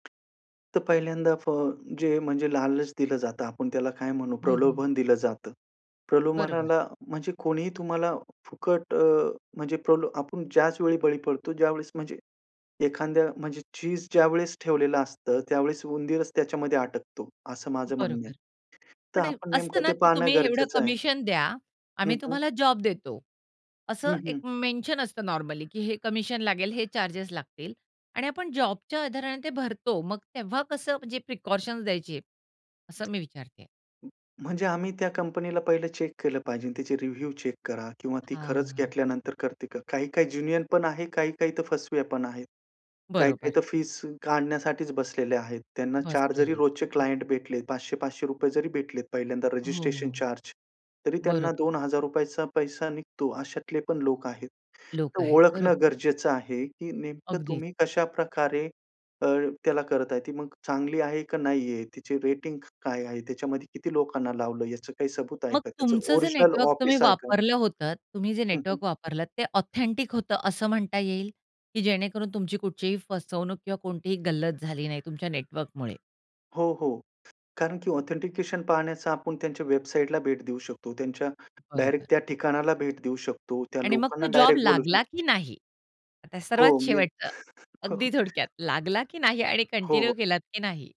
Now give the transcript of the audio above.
तर पहिल्यांदा फ जे म्हणजे लालच दिलं जातं आपण त्याला काय म्हणू, हं, हं. प्रलोभन दिलं जातं. बरोबर. प्रलोभनाला म्हणजे कोणीही तुम्हाला फुकट अ, म्हणजे प्रल आपण ज्याच वेळी बळी पडतो ज्यावेळेस म्हणजे एखाद्या म्हणजे चिज ज्यावेळेस ठेवलेलं असतं त्यावेळेस उंदीरच त्याच्यामध्ये अटकतो असं माझं म्हणणं आहे. बरोबर. तर पण आपण असतं नेमकं ना, ते की पाहणं तुम्ही एवढं गरजेचं आहे. कमिशन द्या आम्ही हं, हं. तुम्हाला जॉब देतो, हं, असं एक हं. मेन्शन असतं नॉर्मली, की हे कमिशन लागेल हे चार्जेस लागतील आणि आपण जॉबच्या आधाराने ते भरतो. मग तेव्हा कसं म्हणजे प्रिकॉशन्स द्यायची असं मी विचारतेय? म्हणजे आम्ही त्या कंपनीला पहिलं चेक केलं पाहिजे त्याचे रिव्ह्यू चेक करा किंवा ती खरंच हां. घेतल्यानंतर करते करा. काही-काही ज्येन्युअन पण आहे, काही-काही तर फसव्या पण आहेत. काही-काही बरोबर. तर फीस काढण्यासाठीच बसलेले आहेत. त्यांना 4 जरी बसलेले. रोजचे क्लायंट भेटलेत ₹500-500 जरी भेटलेत पहिल्यांदा हो, रजिस्ट्रेशन हो. चार्ज तरी त्यांना बरोबर. ₹2,000चा पैसा निघतो अशातले पण लोक आहेत. लोक तर आहेत ओळखणं बरोबर. गरजेचं आहे, की नेमकं अगदीच. तुम्ही कशाप्रकारे, अ, त्याला करत आहे ती मग चांगली आहे का नाहीये, त्याची रेटिंग काय आहे? त्याच्यामध्ये किती लोकांना लावलं याचं काही सबूत आहे मग का? त्याचं तुमचं जे ओरिजिनल नेटवर्क तुम्ही ऑफिस आहे का? वापरलं होतं. तुम्ही जे हं, हं. नेटवर्क वापरलं ते ऑथेंटिक होतं असं म्हणता येईल, की जेणेकरून तुमची कुठचीही फसवणूक किंवा कोणतीही गल्लत झाली नाही तुमच्या नेटवर्कमुळे? हो, हो कारण की ऑथेंटिकेशन पाहण्याचा आपण त्यांच्या वेबसाईटला भेट देऊ शकतो. त्यांच्या बरोबर. डायरेक्ट त्या ठिकाणाला भेट देऊ शकतो. त्या आणि मग लोकांना तो जॉब डायरेक्ट बोलू लागला, शकतो. की नाही? आता हो, सर्वात मी शेवटच, हो, अगदी हो. थोडक्यात लागला की नाही आणि हो, हो. कंटिन्यू केलात की नाही?